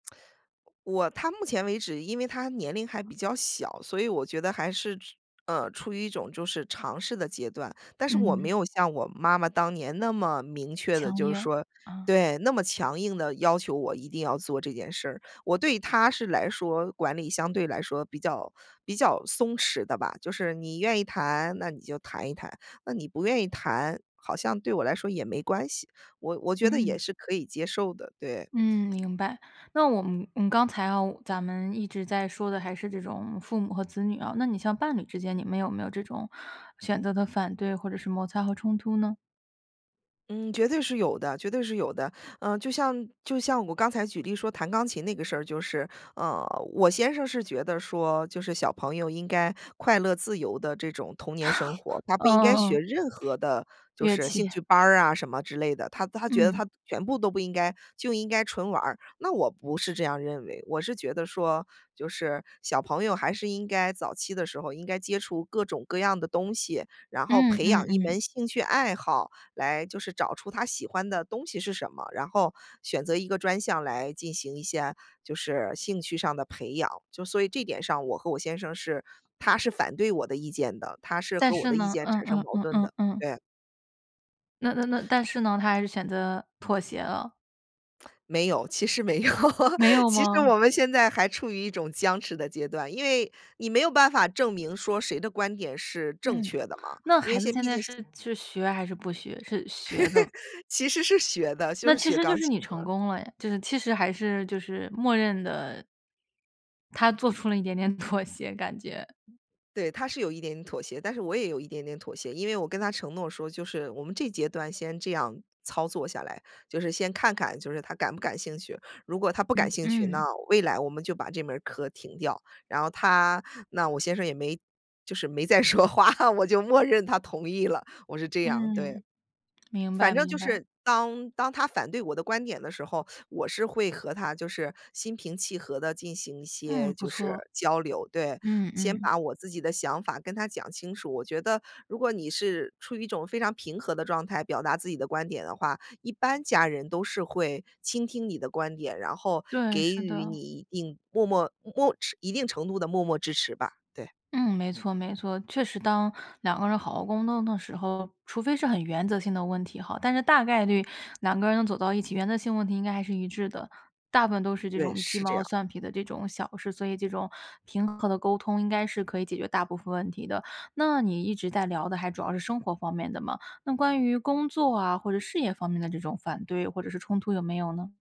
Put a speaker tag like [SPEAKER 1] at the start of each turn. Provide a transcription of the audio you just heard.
[SPEAKER 1] 我他目前为止，因为他年龄还比较小，所以我觉得还是，呃，处于一种就是尝试的阶段，但是我没
[SPEAKER 2] 嗯。
[SPEAKER 1] 有像我妈妈当年那么明确地
[SPEAKER 2] 强
[SPEAKER 1] 就是
[SPEAKER 2] 硬，
[SPEAKER 1] 说
[SPEAKER 2] 嗯。
[SPEAKER 1] 对，那么强硬地要求我一定要做这件事儿，我对他是来说，管理相对来说比较比较松弛的吧，就是你愿意弹，那你就弹一弹，那你不愿意弹，好像对我来说也没关系，我我觉得也
[SPEAKER 2] 嗯。
[SPEAKER 1] 是可以接受的，对。
[SPEAKER 2] 嗯，明白，那我们我们刚才啊，咱们一直在说的还是这种父母和子女啊，那你像伴侣之间，你们有没有这种选择的反对或者是摩擦和冲突呢？
[SPEAKER 1] 嗯，绝对是有的，绝对是有的，呃，就像就像我刚才举例说弹钢琴那个事儿，就是，呃，我先生是觉得说，就是小朋友应该快乐自由地这种童年生活，他不
[SPEAKER 2] 嗯
[SPEAKER 1] 应该
[SPEAKER 2] 嗯
[SPEAKER 1] 学
[SPEAKER 2] 嗯。
[SPEAKER 1] 任何的就
[SPEAKER 2] 乐
[SPEAKER 1] 是
[SPEAKER 2] 器。
[SPEAKER 1] 兴 趣班儿啊什么之类的，他他觉得
[SPEAKER 2] 嗯。
[SPEAKER 1] 他全部都不应该，就应该纯玩儿，那我不是这样认为。我是觉得说，就是小朋友还是应该早期的时候，应该接触各种各样的东西，然后
[SPEAKER 2] 嗯
[SPEAKER 1] 培养
[SPEAKER 2] 嗯
[SPEAKER 1] 一
[SPEAKER 2] 嗯。
[SPEAKER 1] 门兴趣爱好，来就是找出他喜欢的东西是什么，然后选择一个专项来进行一下就是兴趣上的培养。就所以这点上我和我先生是他是反对我的意见的，他是
[SPEAKER 2] 但
[SPEAKER 1] 和我
[SPEAKER 2] 是
[SPEAKER 1] 的意
[SPEAKER 2] 呢，
[SPEAKER 1] 见
[SPEAKER 2] 嗯
[SPEAKER 1] 产生
[SPEAKER 2] 嗯
[SPEAKER 1] 矛
[SPEAKER 2] 嗯
[SPEAKER 1] 盾
[SPEAKER 2] 嗯
[SPEAKER 1] 的，
[SPEAKER 2] 嗯。
[SPEAKER 1] 对。
[SPEAKER 2] 那那那，但是呢，他还是选择妥协了。
[SPEAKER 1] 没有，其实没有，
[SPEAKER 2] 没 有
[SPEAKER 1] 其实
[SPEAKER 2] 吗？
[SPEAKER 1] 我们现在还处于一种僵持的阶段，因为你没有办法证明说谁的观点是正
[SPEAKER 2] 嗯，
[SPEAKER 1] 确的嘛，
[SPEAKER 2] 那
[SPEAKER 1] 因
[SPEAKER 2] 孩
[SPEAKER 1] 为现
[SPEAKER 2] 子
[SPEAKER 1] 在
[SPEAKER 2] 现
[SPEAKER 1] 毕
[SPEAKER 2] 在
[SPEAKER 1] 竟
[SPEAKER 2] 是是学还是不学？是学的？
[SPEAKER 1] 其实是学的，就
[SPEAKER 2] 那
[SPEAKER 1] 是
[SPEAKER 2] 其
[SPEAKER 1] 学
[SPEAKER 2] 实就
[SPEAKER 1] 钢
[SPEAKER 2] 是
[SPEAKER 1] 琴
[SPEAKER 2] 你成
[SPEAKER 1] 的。
[SPEAKER 2] 功了呀，就是其实还是就是默认的他做出了一点点妥协感觉。
[SPEAKER 1] 对，他是有一点妥协，但是我也有一点点妥协，因为我跟他承诺说，就是我们这阶段先这样操作下来，就是先看看就是他感不感兴趣，如果他不感
[SPEAKER 2] 嗯
[SPEAKER 1] 兴趣，那
[SPEAKER 2] 嗯。
[SPEAKER 1] 未来我们就把这门课停掉。然后他那我先生也没就是没再说话，我就默认他同意了，我是这样，对。
[SPEAKER 2] 嗯。明
[SPEAKER 1] 反
[SPEAKER 2] 白
[SPEAKER 1] 正就
[SPEAKER 2] 明白。
[SPEAKER 1] 是当当他反对我的观点的时候，我是会和他就是心平气和地进行一些
[SPEAKER 2] 嗯，不
[SPEAKER 1] 就是
[SPEAKER 2] 错。
[SPEAKER 1] 交流对。
[SPEAKER 2] 嗯
[SPEAKER 1] 先
[SPEAKER 2] 嗯。
[SPEAKER 1] 把我自己的想法跟他讲清楚。我觉得如果你是处于一种非常平和的状态，表达自己的观点的话，一般家人都是会倾听你的观点，然后
[SPEAKER 2] 对，
[SPEAKER 1] 给
[SPEAKER 2] 是
[SPEAKER 1] 予你
[SPEAKER 2] 的。
[SPEAKER 1] 一定默默默一定程度的默默支持吧，对。
[SPEAKER 2] 嗯，没错没错。确实当两个人好好沟通的时候，除非是很原则性的问题吼，但是大概率两个人走到一起，原则性问题应该还是一致的，大部分都是这
[SPEAKER 1] 对，
[SPEAKER 2] 种鸡
[SPEAKER 1] 是这
[SPEAKER 2] 毛
[SPEAKER 1] 样。
[SPEAKER 2] 蒜皮的这种小事，所以这种平和的沟通，应该是可以解决大部分问题的，那你一直在聊的还主要是生活方面的嘛，那关于工作啊，或者事业方面的这种反对或者是冲突有没有呢？